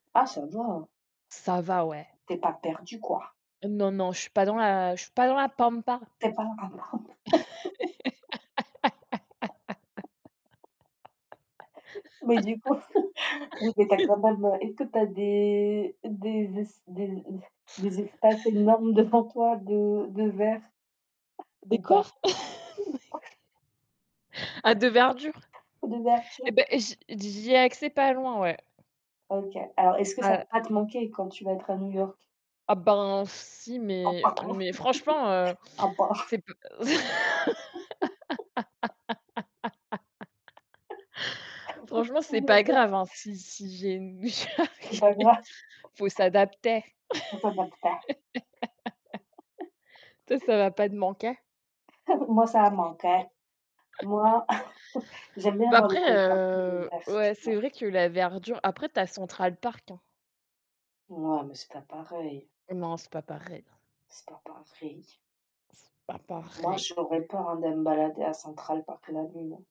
Ah ça va. Ça va, ouais. Tu es pas perdu, quoi. Non non, je suis pas dans la je suis pas dans la pampa. Tu es pas un [unintelligible] Mais du coup, vous êtes à quand même, heu, est-ce tu as des des des des espaces énormes devant toi de de verre Des ou pas? coffres? Ou pas? À de verdure D'ouverture. et beh j'y j'y ai accès pas loin, ouais. OK. Alors est-ce que ça va Ah pas te manquer quand tu vas être à New York? Ah ben, si, Un mais par un. mais franchement, heu, Un par un. c'est pas Franchement, c'est pas J'adore. grave hein, si si j'ai une C'est [unintelligible] il pas grave. faut s'adapter. Que ça va te [unintelligible] Toi ça va pas te manquer? Moi ça va me manquer. Moi j'aime bien Ben avoir le après, côté un peu de heu, vert, ouais, tu c'est vois? vrai que la verdure après tu as Central Park hein. Non mais c'est pas pareil. Non, c'est pas pareil. C'est pas pareil. C'est pas Moi, pareil. j'aurais peur de me balader à Central Park la nuit.